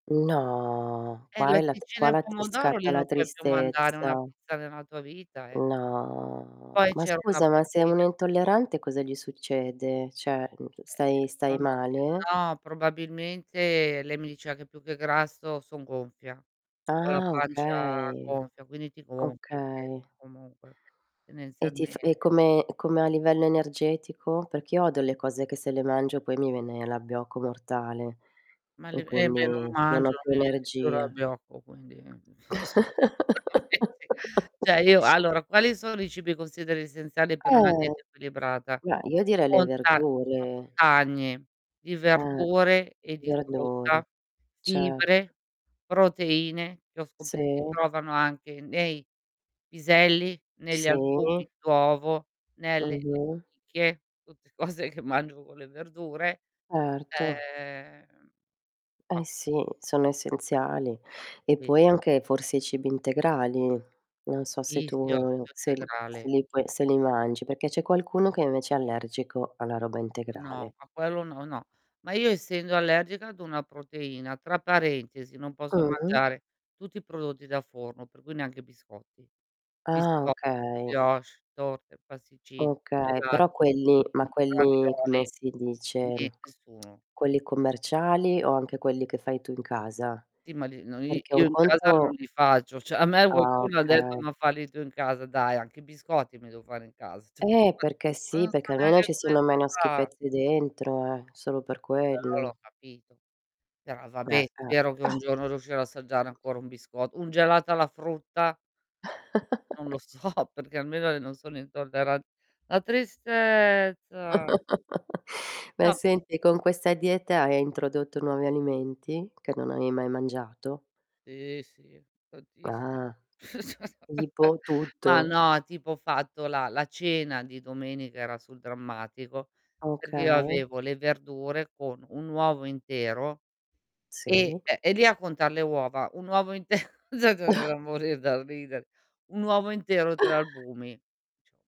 No, Eh, qua è la latticini qua e la pomodoro, lì scatta non la puoi più mandare una tristezza. pizza nella tua vita, eh. No, Poi ma c'era una scusa, ma se uno è proteina intollerante cosa gli succede? Cioè, mhmm, Ehm, stai stai non ho chie male? no, probabilmente, lei mi diceva che più che grasso son gonfia, ho la Ah, pancia okay. gonfia, quindi ti gonfi che Okay. comunque E ti f e tendenzialmente come come a livello energetico? Perché io odio le cose che se le mangio poi mi viene l'abbiocco mortale Ma le e eh, beh, non quindi non ho mangio, più mi viene più energia. l'abbiocco quindi n so. [unintelligible] Cioè io allora, quali sono i cibi consideri essenziali per una Eh! dieta equilibrata? Beh, io direi le Monta verdure. montagne di Eh. verdure e di Verdure. frutta, Certo. fibre, proteine, che ho scope si Sì. trovano anche nei piselli, negli Sì. albumi d'uovo, nelle Mh-mh. lenticchie, tutte cose che mangio con le verdure. Erto. Ehm bah. Eh sì, sono essenziali e Sì. poi anche, forse, i cibi integrali. Non so se Sì, tu, sì, olio uhm, se l se integrale. li poi se li mangi, perché c'è qualcuno che invece è allergico alla roba No, integrale. ma quello no, no. Ma io essendo allergica ad una proteina, tra parentesi, non posso Mh-mh. mangiare tutti i prodotti da forno, per cui neanche biscotti. Ah, Bisco okay. brioches, torte, pasticcini, Okay, però gelati, quelli ma budini, quelli come ravioli, si dice? nie nessuno. Quelli commerciali o anche quelli che fai tu in casa? Sì, ma li no i Perché io un in casa conto non li faccio, cioè a me Ah, qualcuno ha detto: okay. "Ma falli tu in casa", dai, anche i biscotti mi devo fare in cas Eh, perché ma non sì, so perché almeno neanche ci come siano si meno fa. schifezze dentro, eh, solo per Però quello. l'ho capito. Però, Eh, vabbè, eh. spero che un giorno riuscirò a assaggiare ancora un bisco un gelato alla frutta. Non lo so perché almeno i non sono intolleran la tristezza. Ma, No senti, con questa dieta hai introdotto nuovi alimenti che non avevi mai mangiato? Sì, sì. Tantis Ah. Tipo? ma Tutto. no, tipo, ho fatto la la cena di domenica, era sul drammatico, perché io Okay. avevo le verdure con un uovo intero e Sì. ehm, e lì a contar le uova, un uovo inte [unintelligible] morir dal ridere; un uovo intero 3 albumi. [unintelligible]